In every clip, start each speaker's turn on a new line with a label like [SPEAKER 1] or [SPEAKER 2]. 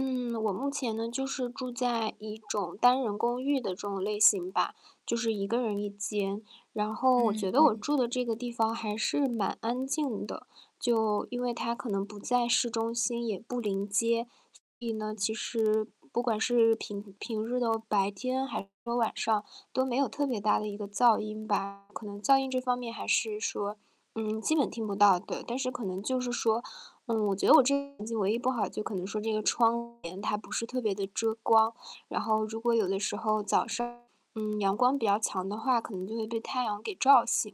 [SPEAKER 1] 嗯，我目前呢，就是住在一种单人公寓的这种类型吧，就是1个人1间。然后我
[SPEAKER 2] 嗯，
[SPEAKER 1] 觉得
[SPEAKER 2] 嗯
[SPEAKER 1] 我
[SPEAKER 2] 嗯。
[SPEAKER 1] 住的这个地方还是蛮安静的，就因为它可能不在市中心，也不临街。所以呢，其实不管是平平日的白天还是晚上都没有特别大的一个噪音吧，可能噪音这方面还是说，嗯，基本听不到，对。但是可能就是说，呃，我觉得我这房子唯一不好就可能说这个窗帘它不是特别地遮光。然后如果有的时候早上，嗯，阳光比较强的话，可能就会被太阳给照醒。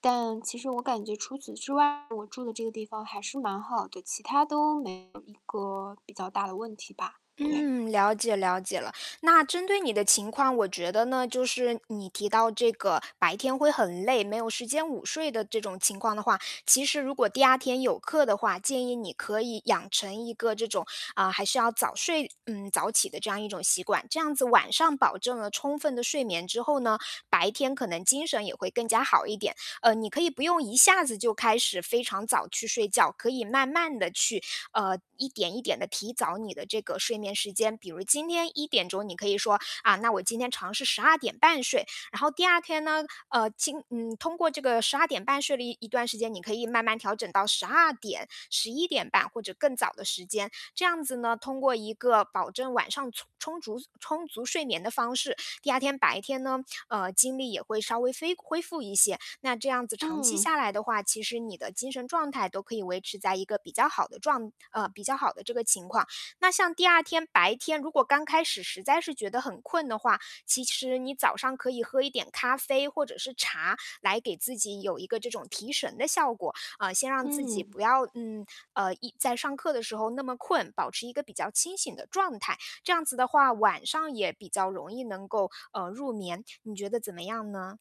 [SPEAKER 1] 但其实我感觉除此之外，我住的这个地方还是蛮好的。其它都没有一个比较大的问题吧，对。
[SPEAKER 2] 嗯，了解了解了。那针对你的情况，我觉得呢，就是你提到这个白天会很累，没有时间午睡的这种情况的话。其实如果第2天有课的话，建议你可以养成一个这种，啊，还是要早睡，嗯，早起的这样一种习惯。这样子晚上保证了充分的睡眠之后呢，白天可能精神也会更加好一点。呃，你可以不用一下子就开始非常早去睡觉，可以慢慢地就去，呃一点一点地提早你的这个睡眠时间。比如今天1点钟你可以说：“啊，那我今天尝试12:30睡。“然后第2天呢呃，经嗯，通过这个12:30睡了一一段时间，你可以慢慢调整到12:00、11:30，或者更早的时间。这样子呢，通过一个保证晚上匆充竹充足睡眠的方式，第2天白天呢，呃，精力也会稍微非恢复一些。那这样子长期
[SPEAKER 1] 嗯。
[SPEAKER 2] 下来的话，其实你的精神状态都可以维持在一个比较好的状呃，比较好的这个情况。那像第2天白天，如果刚开始实在是觉得很困的话，其实你早上可以喝一点咖啡或者是茶，来给自己有一个这种提神的效果，呃，先让自己
[SPEAKER 1] 嗯。
[SPEAKER 2] 不要嗯，呃，一在上课的时候那么困，保持一个比较清醒的状态。这样子的话，晚上也比较容易能够，呃，入眠，你觉得怎么样呢？